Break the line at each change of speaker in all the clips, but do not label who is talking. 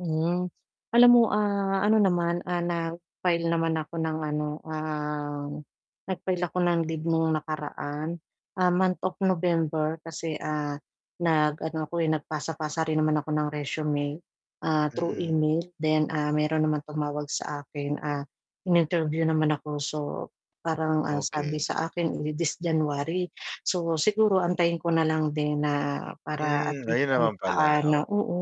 Mhm. Alam mo, ah, ano naman, ah, nag-file naman ako ng ano, um, nag-file ako ng leave nung nakaraan. Ah, month of November kasi, ah, nag-ano ako, eh, nagpasa-pasa rin naman ako ng resume. Ah, through
Mm.
email then, ah, mayro'n naman tumawag sa akin, ah, in-interview naman ako so, parang ang sabi
Okey.
sa akin di this January. So, siguro antayin ko na lang din na para at
Hmm,
least
ayun
kahit
naman pala,
paano
oo.
oo,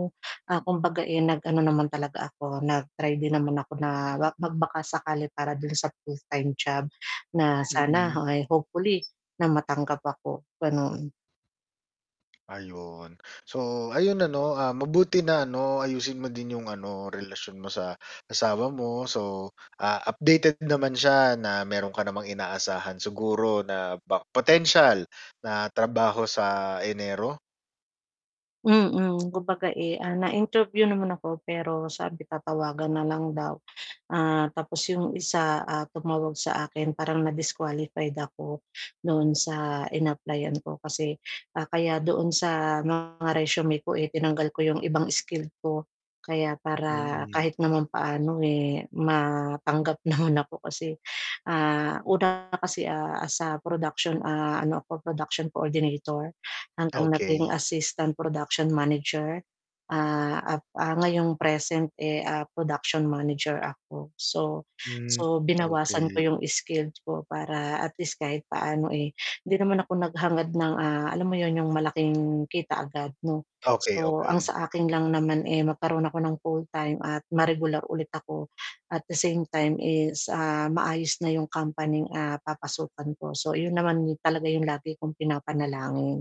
ah, kumbaga, eh, nag-ano naman talaga ako, nag-try din naman ako na ma mag baka sakali para do'n sa full-time job na sana
Mm.
ay hopefully na matanggap ako, gano'n.
Ayun. So, ayun ano, ah, mabuti na ano, ayusin mo din yung ano, relasyon mo sa asawa mo. So, ah, updated naman siya na mayro'n ka namang inaasahan siguro na ba potensyal na trabaho sa Enero?
Mm, kumbaga, eh, ah, na-interview naman ako pero sabi tatawagan na lang daw. Ah, tapos yung isa, ah, tumawag sa akin parang na-disqualified ako doon sa in-applyan ko kasi ah, kaya doon sa mga resume ko, eh, tinanggal ko yung ibang skill ko kaya para
Mm.
kahit naman paano, eh, matanggap naman ako kasi ah, una kasi, ah, sa production, ah, ano ako, production coordinator hanggang naging
Okey.
assistant production manager. Ah, up ah, ngayong present, eh, ah, production manager ako. So
Hmm,
so binawasan ko
okey.
'yong skilled ko para at least kahit paano, eh, 'di naman ako naghangad ng, ah, alam mo 'yon, 'yong malaking kita agad 'no.
Okey,
So, ang
okey.
sa akin lang naman, eh, magkaroon ako ng full-time at ma-regular ulit ako at the same time is, ah, maayos na 'yong company'ng, ah, papasukan ko. So, iyon naman talaga yung lagi kong pinapanalangin.